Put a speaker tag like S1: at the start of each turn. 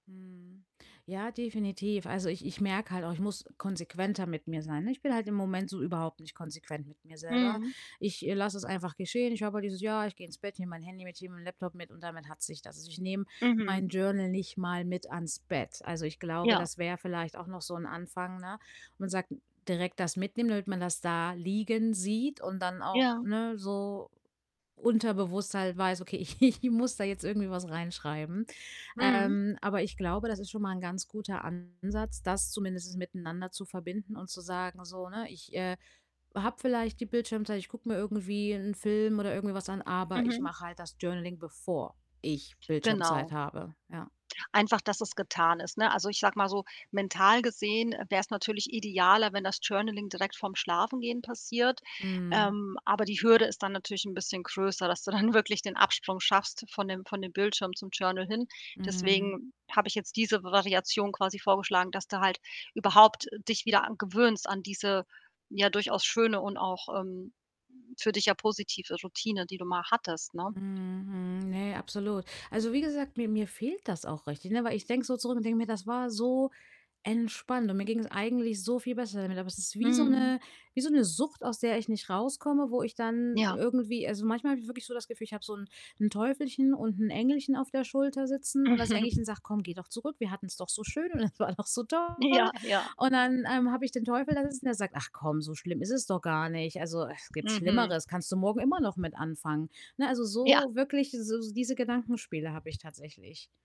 S1: Mhm. Ja, definitiv. Also, ich ich merke halt auch, ich muss konsequenter mit mir sein, ne? Ich bin halt im Moment so überhaupt nicht konsequent mit mir selber.
S2: Mhm.
S1: Ich, äh, lasse es einfach geschehen. Ich habe halt dieses: „Ja, ich gehe ins Bett, nehme mein Handy mit, ich nehme mein Laptop mit, und damit hat sich das.“ Also, ich nehme
S2: Mhm.
S1: mein Journal nicht mal mit ans Bett. Also, ich glaube,
S2: Ja.
S1: das wäre vielleicht auch noch so 'n Anfang, ne? Man sagt direkt das mitnehmen, damit man das da liegen sieht und dann auch,
S2: Ja.
S1: ne, so unterbewusst halt weiß: „Okay, ich ich muss da jetzt irgendwie was reinschreiben.“
S2: Mhm.
S1: Ähm, aber ich glaube, das ist schon mal 'n ganz guter Ansatz, das zumindest miteinander zu verbinden und zu sagen so, ne: „Ich, äh, habe vielleicht die Bildschirmzeit, ich gucke mir irgendwie 'n Film oder irgendwie was an, aber ich
S2: Mhm.
S1: mache halt das Journaling bevor ich Bildschirmzeit
S2: Genau.
S1: habe“, ja.
S2: Einfach, dass es getan ist, ne? Also, ich sage mal so, mental gesehen wär's natürlich idealer, wenn das Journaling direkt vorm Schlafengehen passiert.
S1: Mhm.
S2: Ähm, aber die Hürde ist dann natürlich 'n bisschen größer, dass du dann wirklich den Absprung schaffst von dem von dem Bildschirm zum Journal hin.
S1: Mhm.
S2: Deswegen habe ich jetzt diese V Variation quasi vorgeschlagen, dass du halt überhaupt, äh, dich wieder a gewöhnst an diese, ja, durchaus schöne und auch, ähm, für dich ja positive Routine, die du mal hattest, ne?
S1: Mhm. Mhm, ne, absolut. Also, wie gesagt, mir mir fehlt das auch richtig, ne? Weil ich denke so zurück und denke mir: „Das war so entspannt und mir ging's eigentlich so viel besser damit.“ Aber es ist wie so
S2: Mhm.
S1: 'ne wie so 'ne Sucht, aus der ich nicht rauskomme, wo ich dann
S2: Ja.
S1: irgendwie also, manchmal habe ich wirklich so das Gefühl, ich habe so 'n 'n Teufelchen und 'n Engelchen auf der Schulter sitzen, und das Engelchen sagt: „Komm, geh doch zurück. Wir hatten's doch so schön und das war doch so toll.“
S2: Ja, ja.
S1: Und dann, ähm, habe ich den Teufel da sitzen, der sagt: „Ach komm, so schlimm ist es doch gar nicht. Also, ach, gibt
S2: Mhm.
S1: Schlimmeres. Kannst du morgen immer noch mit anfangen.“ Ne, also
S2: Ja.
S1: so wirklich, s diese Gedankenspiele habe ich tatsächlich.